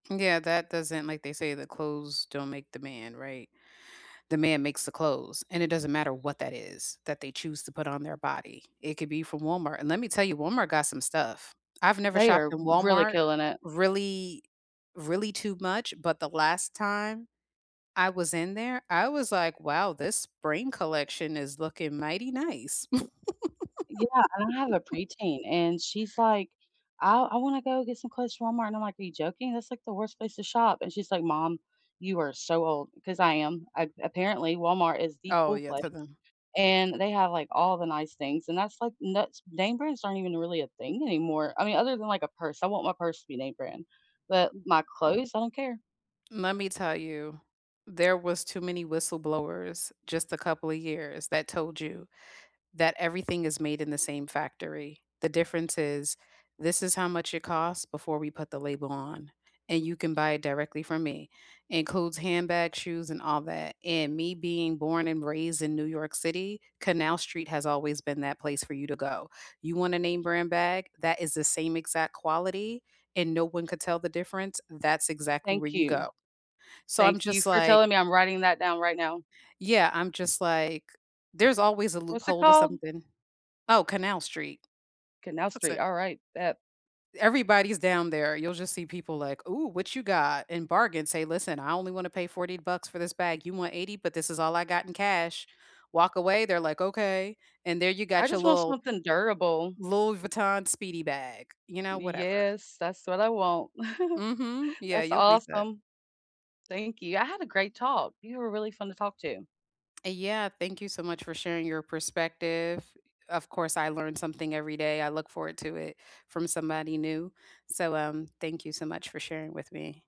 Yeah, that doesn't like, they say the clothes don't make the man, right? The man makes the clothes, and it doesn't matter what that is that they choose to put on their body. It could be from Walmart, and let me tell you, Walmart got some stuff. I've never They shopped are r in really Walmart, killing it. really really too much, but the last time I was in there, I was like, "Wow, this spring collection is looking mighty nice." Yeah, and I have a preteen, and she's like, "I I wanna go get some clothes from Walmart," and I'm like, "Are you joking? That's, like, the worst place to shop," and she's like, "Mom, you are so old," 'cause I am. A Apparently, Walmart is the Oh cool yeah, place. to them And they have, like, all the nice things, and that's, like and that's name brands aren't even really a thing anymore, I mean, other than, like, a purse. I want my purse to be name brand, but my clothes, I don't care. Let me tell you, there was too many whistleblowers just a couple of years that told you that everything is made in the same factory. The difference is, this is how much it costs before we put the label on, and you can buy it directly from me. It includes handbags, shoes, and all that, and me being born and raised in New York City, Canal Street has always been that place for you to go. You want a name brand bag, that is the same exact quality and no one could tell the difference, that's exactly where Thank you you. go. So I'm Thank you just for like telling me, I'm writing that down right now. Yeah, I'm just like, there's always a What's it loophole to called? something. Oh, Canal Street. Canal That's Street. it. Alright, that Everybody's down there. You'll just see people, like, "Ooh, what you got?" and bargain. Say, "Listen, I only wanna pay 40 bucks for this bag, you want $80 but this is all I got in cash." Walk away, they're like, "Okay," and there you I got your just want little something durable. Louis Vuitton speedy bag, you know, whatever. Yes, that's what I want. Mhm. Yeah, That's you'll be set. awesome. Thank you, I had a great talk. You were really fun to talk to. Yeah, thank you so much for sharing your perspective. Of course, I learn something every day, I look forward to it from somebody new. So, um, thank you so much for sharing with me.